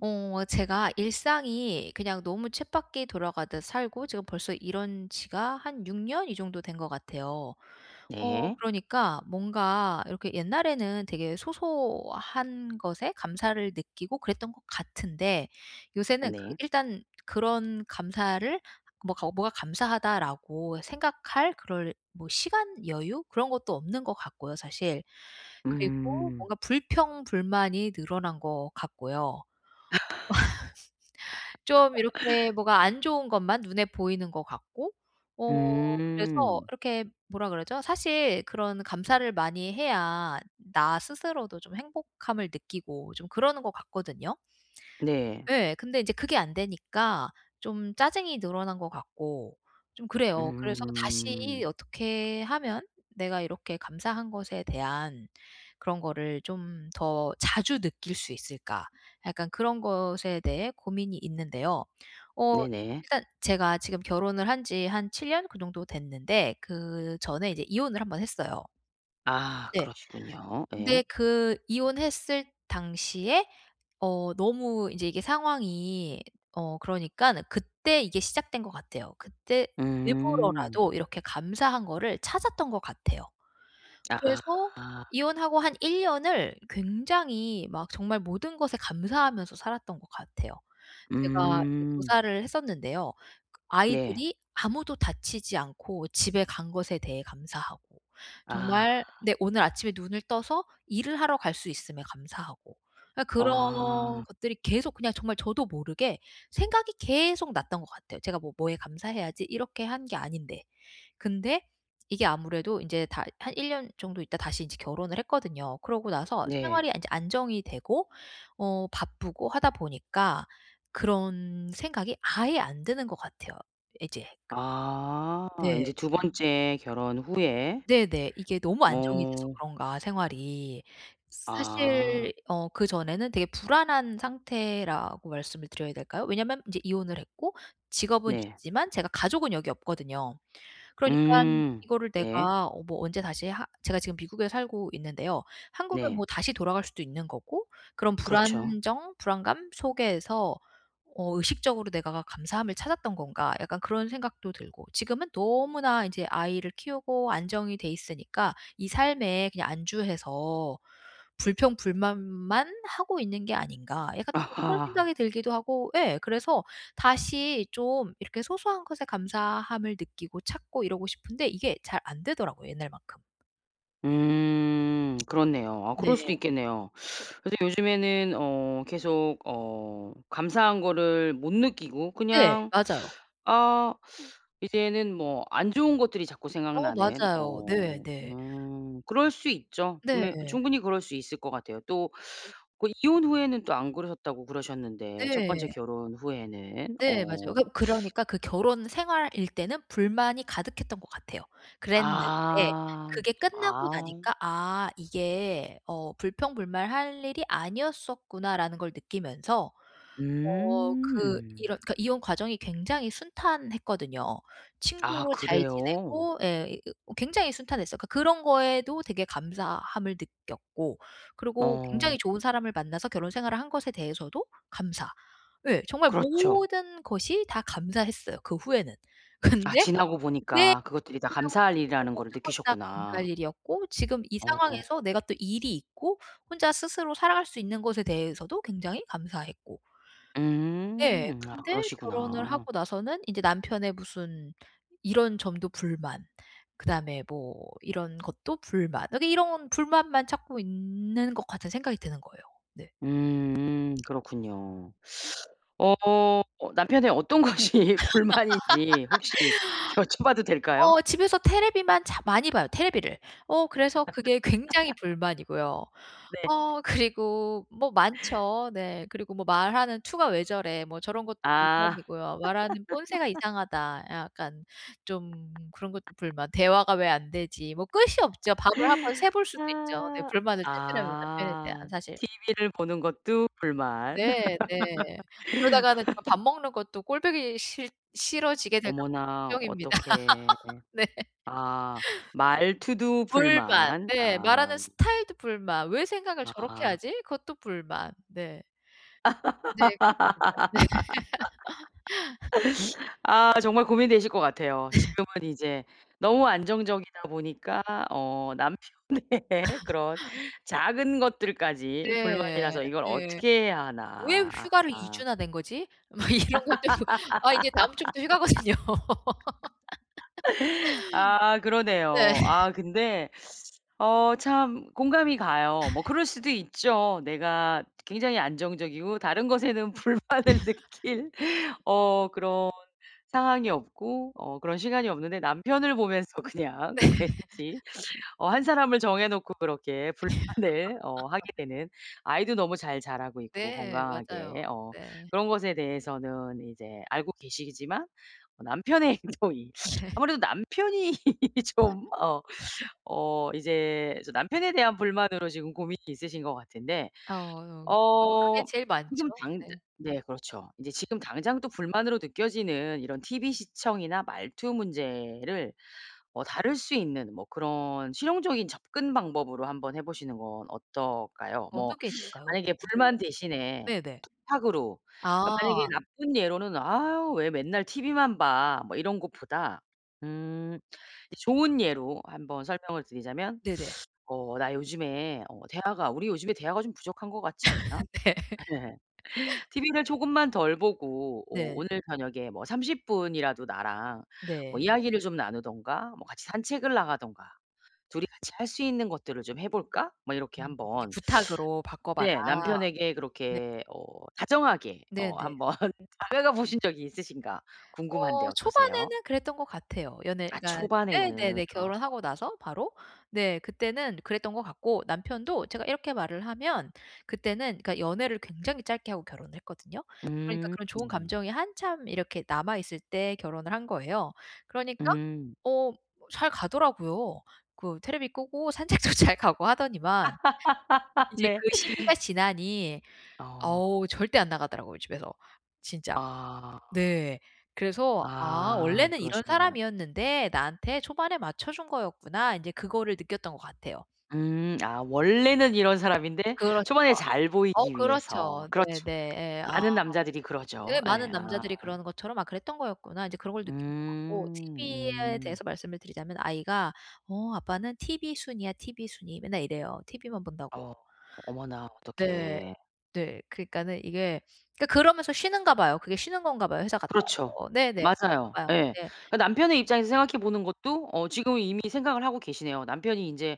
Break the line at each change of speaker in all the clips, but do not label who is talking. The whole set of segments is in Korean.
어 제가 일상이 그냥 너무 쳇바퀴 돌아가듯 살고 지금 벌써 이런 지가 한 6 년? 이 정도 된 것 같아요. 어
네.
그러니까 뭔가 이렇게 옛날에는 되게 소소한 것에 감사를 느끼고 그랬던 것 같은데 요새는 그
네.
일단 그런 감사를 뭐 가고 뭐가 '감사하다.'라고 생각할 그럴 뭐 시간, 여유 그런 것도 없는 것 같고요, 사실. 그리고
음.
뭔가 불평불만이 늘어난 것 같고요. 좀 이렇게 뭐가 안 좋은 것만 눈에 보이는 것 같고 어 그래서
음.
이렇게 뭐라 그러죠? 사실 그런 감사를 많이 해야 나 스스로도 좀 행복함을 느끼고 좀 그러는 것 같거든요.
네.
예. 근데 인제 그게 안 되니까 좀 짜증이 늘어난 것 같고 좀 그래요. 그래서 다시
음.
'어떻게 하면 내가 이렇게 감사한 것에 대한 그런 거를 좀 더 자주 느낄 수 있을까?' 약간 그런 것에 대해 고민이 있는데요. 어
네네.
일단 제가 지금 결혼을 한 지 한 7 년? 그 정도 됐는데 그전에 이제 이혼을 1 번 했어요.
아
네.
그러시군요.
근데
예.
그 이혼했을 당시에 어 너무 인제 이게 상황이 어 그러니깐 그때 이게 시작된 것 같아요. 그때
음.
일부러라도 이렇게 감사한 거를 찾았던 것 같아요. 그래서
아.
이혼하고 한 1 년을 굉장히 막 정말 모든 것에 감사하면서 살았던 것 같아요. 제가 이제
음.
교사를 했었는데요. 그
네.
아이들이 아무도 다치지 않고 집에 간 것에 대해 감사하고
아.
정말 네 오늘 아침에 눈을 떠서 일을 하러 갈 수 있음에 감사하고. 아 그런
아.
것들이 계속 그냥 정말 저도 모르게 생각이 계속 났던 것 같아요. 제가 뭐 '뭐에 감사해야지.' 이렇게 한 게 아닌데. 근데 이게 아무래도 인제 다 한 1 년 정도 있다가 다시 인제 결혼을 했거든요. 그러고 나서
네.
생활이 인제 안정이 되고 어 바쁘고 하다 보니까 그런 생각이 아예 안 드는 것 같아요, 이제 그
아.
네.
인제 2 번째 결혼 후에.
네네. 이게 너무 안정이 돼서
어.
그런가, 생활이. 사실
아.
어 그전에는 되게 불안한 상태라고 말씀을 드려야 될까요? 왜냐면 인제 이혼을 했고 직업은
네.
있지만 제가 가족은 여기 없거든요. 그러니깐
음
이거를
네.
내가 어 뭐 언제 다시 하 제가 지금 미국에 살고 있는데요. 한국에
네.
뭐 다시 돌아갈 수도 있는 거고 그런
그렇죠.
'불안정, 불안감 속에서 어 의식적으로 내가 감사함을 찾았던 건가.' 약간 그런 생각도 들고. 지금은 너무나 인제 아이를 키우고 안정이 돼 있으니까 '이 삶에 그냥 안주해서 불평불만만 하고 있는 게 아닌가.' 약간 또 뭐 그런
아하.
생각이 들기도 하고 예 그래서 다시 좀 이렇게 소소한 것에 감사함을 느끼고 찾고 이러고 싶은데 이게 잘 안 되더라고요, 옛날만큼.
음 그렇네요. 아 그럴
네.
수도 있겠네요. 근데 요즘에는 어 계속 어 감사한 거를 못 느끼고
네.
그냥
맞아요.
아 이제는 뭐 안 좋은 것들이 자꾸
어
생각나는.
맞아요.
어
네. 네.
음 그럴 수 있죠. 분명
네.
충분히 그럴 수 있을 것 같아요. 또 그 "이혼 후에는 또 안 그러셨다."고 그러셨는데 첫 번째
네.
결혼 후에는
네. 맞아요.
어.
그 그러니까 그 결혼 생활일 때는 불만이 가득했던 것 같아요. 그랬는데
아
그게 끝나고
아.
나니까 '아 이게 어 불평불만할 일이 아니었었구나.'라는 걸 느끼면서 어 그
음.
이런 그니까 이혼 과정이 굉장히 순탄했거든요.
아
친구로 잘
그래요?
지내고 예. 어 굉장히 순탄했어요. 그러니까 그런 거에도 되게 감사함을 느꼈고 그러고
어.
굉장히 좋은 사람을 만나서 결혼 생활을 한 것에 대해서도 감사. 예. 정말
그렇죠.
모든 것이 다 감사했어요 그 후에는.
아
근데
지나고
네
보니까
이게
그것들이 다
지나고
감사할
보니까
일이라는
모든
거를
걸 다 감사할
느끼셨구나.
일이었고 지금 이
어.
상황에서 내가 또 일이 있고 혼자 스스로 살아갈 수 있는 것에 대해서도 굉장히 감사했고. 예.
음. 아
근데 결혼을
그러시구나.
하고 나서는 인제 남편의 무슨 이런 점도 불만, 그다음에 뭐 이런 것도 불만, 아니 이런 불만만 찾고 있는 것 같은 생각이 드는 거예요. 네.
음 음 그렇군요. 어 남편의 어떤 것이 불만인지 혹시 여쭤봐도 될까요?
어 집에서 테레비만 자 많이 봐요, 테레비를. 어 그래서 그게 굉장히 불만이고요.
네.
어 그리고 뭐 많죠. 네. 그리고 '뭐 말하는 투가 왜 저래.' 뭐 저런 것도
아.
불만이고요. '말하는 본새가 이상하다.' 약간 좀 그런 것도 불만 '대화가 왜 안 되지?' 뭐 끝이 없죠. 밤을 한번 새 볼 수도 있죠 네
아.
불만을 찾으려면 남편에 대한
아
사실.
티비를 보는 것도 불만.
네 네. 그러다가는 아 밥 먹는 것도 꼴 보기 싫 싫어지게 될까 봐
어머나
걱정입니다.
어떡해.
네.
아 말투도
불만
불만.
네. 말하는
아.
스타일도 불만. '왜 생각을 저렇게
아.
하지?' 그것도 불만 네. 네. 그렇습니다. 네.
아 정말 고민되실 것 같아요.
네.
지금은 이제 너무 안정적이다 보니까 어 남편의 그런 작은 것들까지
네
불만이라서 이걸
네.
어떻게 해야
'왜
하나.
휴가를 2
아.
주나 낸 거지?' 막 이런 것들. 아 이제 다음 주부터 휴가거든요.
아
네.
그러네요. 아 근데 어 참 공감이 가요. 뭐 그럴 수도 있죠. 내가 굉장히 안정적이고 다른 것에는 불만을 느낄 어 그런 상황이 없고 어 그런 시간이 없는데 남편을 보면서
네.
그냥 그 왠지 어 1 사람을 정해 놓고 그렇게 불만을 어 하게 되는 아이도 너무 잘 자라고 있고
네. 맞아요.
건강하게 어
네.
그런 것에 대해서는 이제 알고 계시지만 남편의 행동이
네.
아무래도 남편이 좀 어 어 이제 좀 남편에 대한 불만으로 지금 고민이 있으신 것 같은데
어 그게
어
제일 많죠.
지금 당즈
네.
네 그렇죠. 이제 지금 당장 또 불만으로 느껴지는 이런 티브이 시청이나 말투 문제를 어 다룰 수 있는 뭐 그런 실용적인 접근 방법으로 한번 해 보시는 건 어떨까요?
어느
뭐
게 있을까요?
만약에 불만
[unintelligible]
대신에
네네.
부탁으로 그니까 만약에
아.
나쁜 예로는 "아우 왜 맨날 티비만 봐." 뭐 이런 것보다 음 이제 좋은 예로 한번 설명을 드리자면
네네.
"어 나 요즘에 어 대화가 우리 요즘에 대화가 좀 부족한 것 같지 않아?"
네.
예. "티비를 조금만 덜 보고 어
네.
오늘 저녁에 뭐 30 분이라도 나랑 뭐
네.
이야기를 좀 나누든가 뭐 같이 산책을 나가든가 2 이 같이 할 수 있는 것들을 좀 해 볼까?" 뭐 이렇게
음 이게
한번
부탁으로 바꿔 봐라.
네. 남편에게
네.
그렇게 어 다정하게 어
네네.
한번 다가가 보신 적이 있으신가 궁금한데
어
어떠세요?
초반에는 그랬던 것 같아요.
아
연애가
초반에는.
네네네.
어.
결혼하고 나서 바로. 네 그때는 그랬던 것 같고 남편도 제가 이렇게 말을 하면 그때는 그러니까 연애를 굉장히 짧게 하고 결혼을 했거든요. 그러니까
음.
그런 좋은 감정이 한참 이렇게 남아있을 때 결혼을 한 거예요. 그러니까
음.
어 뭐 잘 가더라고요. 그 테레비 끄고 산책도 잘 가고 하더니만 이제 그
네.
시기가 지나니
어.
어우 절대 안 나가더라고요 집에서 진짜.
아.
네. 그래서 '아
아
원래는 이런
그러시구나.
사람이었는데 나한테 초반에 맞춰 준 거였구나.' 인제 그거를 느꼈던 것 같아요.
음. 아 원래는 이런 사람인데
그렇죠.
초반에 잘
어
보이기 위해서.
그렇죠.
그렇죠.
네네. 예. 아
많은 남자들이 그러죠.
예. '많은
예. 아.
남자들이 그러는 것처럼 아 그랬던 거였구나.' 이제 그런 걸 느낀 것 같고
음
티브이에
음.
대해서 말씀을 드리자면 아이가 "어 아빠는 티비순이야 티비순이." 맨날 이래요, 티브이만 본다고.
어 어머나
네.
어떡해.
네. 그러니까는 이게 그러니까 그러면서 쉬는가 봐요. 그게 쉬는 건가 봐요, 회사 갔다
그렇죠.
와서. 네네. 그런가
맞아요.
봐요.
예.
네.
그러니까 남편의 입장에서 생각해 보는 것도 어 지금은 이미 생각을 하고 계시네요. 남편이 인제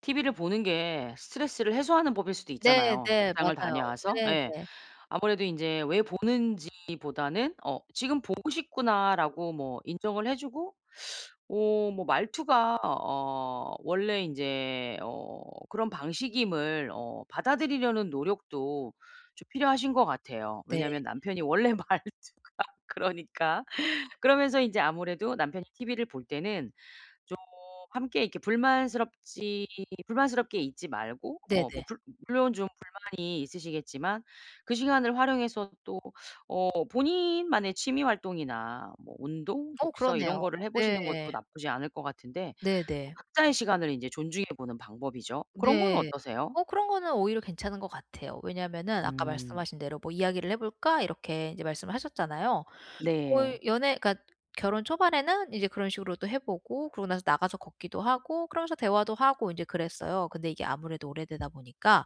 티브이를 보는 게 스트레스를 해소하는 법일 수도
네
있잖아요.
네.
직장을
맞아요.
다녀와서
네
예.
네.
아무래도 인제 왜 보는지 보다는 어 '지금 보고 싶구나.'라고 뭐 인정을 해 주고 어 뭐 말투가 어 원래 인제 어 그런 방식임을 어 받아들이려는 노력도 좀 필요하신 것 같아요.
네.
왜냐하면 남편이 원래 말투가 그러니까. 그러면서 인제 아무래도 남편이 티브이를 볼 때는 좀 함께 이렇게 불만스럽지 불만스럽게 있지 말고 어 뭐
네네.
불 물론 좀 불만이 있으시겠지만 그 시간을 활용해서 또 어 본인만의 취미 활동이나 뭐 운동,
어
독서 이런
그러네요.
거를 해 보시는
네.
것도 나쁘지 않을 것 같은데 뭐
네네.
각자의 시간을 인제 존중해 보는 방법이죠. 그런 건
네.
어떠세요?
어 그런 거는 오히려 괜찮은 것 같아요. 왜냐면은 아까
음.
말씀하신 대로 뭐 "이야기를 해 볼까?" 이렇게 이제 말씀을 하셨잖아요.
네.
거의 연애 그러니까 결혼 초반에는 이제 그런 식으로 또 해 보고 그러고 나서 나가서 걷기도 하고 그러면서 대화도 하고 인제 그랬어요. 근데 이게 아무래도 오래되다 보니까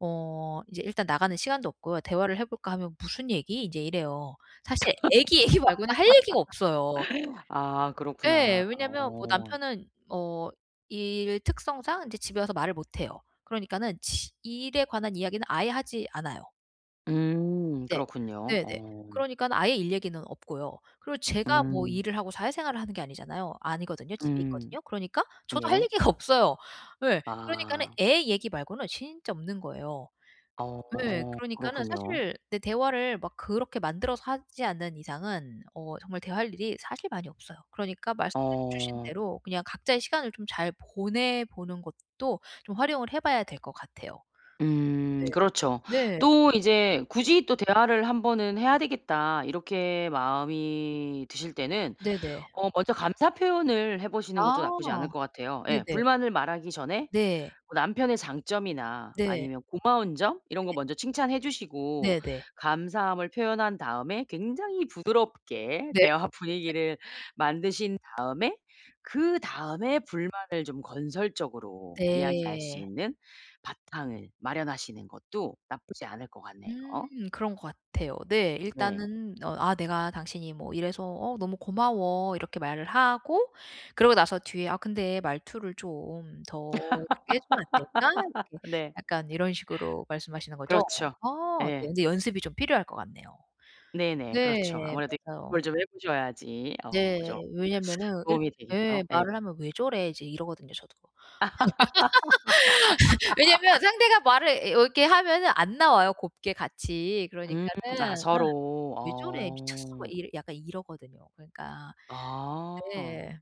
어 이제 일단 나가는 시간도 없고요. "대화를 해 볼까?" 하면 "무슨 얘기?" 인제 이래요. 사실 아기 얘기 말고는 할 얘기가 없어요.
아
예.
그렇구나.
왜냐면 뭐
어.
남편은 어 일 특성상 이제 집에 와서 말을 못 해요. 그러니까는 지 일에 관한 이야기는 아예 하지 않아요.
음
네.
그렇군요.
네네.
어.
그러니까 아예 일 얘기는 없고요. 그리고 제가 뭐
음.
일을 하고 사회생활을 하는 게 아니잖아요. 아니거든요. 집에
음.
있거든요. 그러니까 저도 할
예.
얘기가 없어요. 예. 그러니까는
아.
애 얘기 말고는 진짜 없는 거예요. 네
어
그러니까는
그렇군요.
사실 네 대화를 막 그렇게 만들어서 하지 않는 이상은 어 정말 대화할 일이 사실 많이 없어요. 그러니까 말씀해 주신
어.
대로 그냥 각자의 시간을 좀 잘 보내 보는 것도 좀 활용을 해 봐야 될 것 같아요.
음
네.
그렇죠.
네.
또 이제 굳이 또 '대화를 1 번은 해야 되겠다.' 이렇게 마음이 드실 때는
네네.
어 먼저 감사 표현을 해 보시는 것도 나쁘지 않을
아
것 같아요. 예.
네네.
불만을 말하기 전에
네.
뭐 남편의 장점이나
네.
아니면 고마운 점 이런 거
네.
먼저 칭찬해 주시고
네네.
감사함을 표현한 다음에 굉장히 부드럽게
네.
대화 분위기를 만드신 다음에 그다음에 불만을 좀 건설적으로 이야기할 수
네.
있는 바탕을 마련하시는 것도 나쁘지 않을 것 같네요.
음 그런 것 같아요. 네.
네.
일단은 어 "아 내가 당신이 뭐 이래서 어 너무 고마워." 이렇게 말을 하고 그러고 나서 뒤에 "아 근데 말투를 좀 더 그렇게 해 주면 안 될까?" 이렇게
네.
약간 이런 식으로 말씀하시는 거죠?
그렇죠.
아 네.
예.
근데 연습이 좀 필요할 것 같네요.
네네. 그렇죠.
네
아무래도 이
맞아요.
뭘 좀 해 보셔야지 어 그죠.
네. 왜냐면은 이르
도움이 되겠죠.
예
예.
말을 하면 "왜 저래?" 이제 이러거든요 저도. 왜냐면 상대가 말을 예 왜 이렇게 하면은 안 나와요 곱게 같이.
음 아
그러니까는 음
서로
"왜 저래? 미쳤어?" 막
어.
이래 약간 이러거든요. 그러니까
아.
네.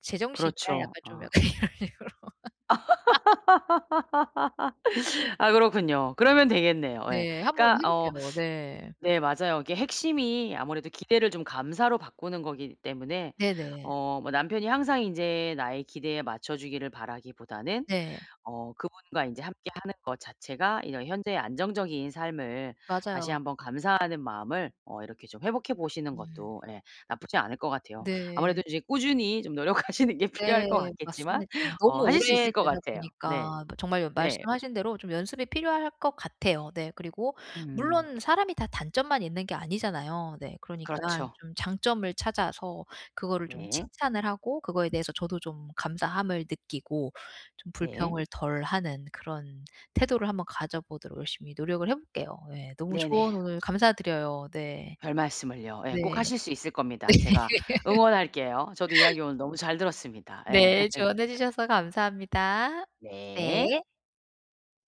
"제정신이야?"
그렇죠.
약간 좀
어.
약간 이런 식으로.
아 그렇군요. 그러면 되겠네요. 예.
네. 한번
그러니까
해
어
볼게요. 네.
네 맞아요. 이게 핵심이 아무래도 기대를 좀 감사로 바꾸는 거기 때문에
네네.
어 뭐 남편이 항상 인제 나의 기대에 맞춰주기를 바라기보다는
네.
어 그분과 인제 함께 하는 것 자체가 이제 현재의 안정적인 삶을 다시
맞아요.
한번 감사하는 마음을 어 이렇게 좀 회복해 보시는
음.
것도 예 나쁘지 않을 것 같아요. 아무래도
네.
인제 꾸준히 좀 노력하시는 게 필요할
네.
것 같겠지만
맞습니다. 너무
어 하실 수 있을 것
오래되다
같아요. 네.
보니까 정말
네.
말씀하신 대로 좀 연습이 필요할 것 같아요. 네 그리고
음.
물론 사람이 다 단점만 있는 게 아니잖아요. 네 그러니깐
그렇죠.
좀 장점을 찾아서 그거를 좀
네.
칭찬을 하고 그거에 대해서 저도 좀 감사함을 느끼고 좀
네.
불평을 덜 하는 그런 태도를 한번 가져 보도록 열심히 노력을 해 볼게요. 예. 너무 조언
네네.
오늘 감사드려요. 네.
별말씀을요. 예,
네.
꼭
네.
하실 수 있을 겁니다. 제가 응원할게요. 저도 이야기 오늘 너무 잘 들었습니다. 예.
네, 조언해 주셔서 감사합니다.
네.
네.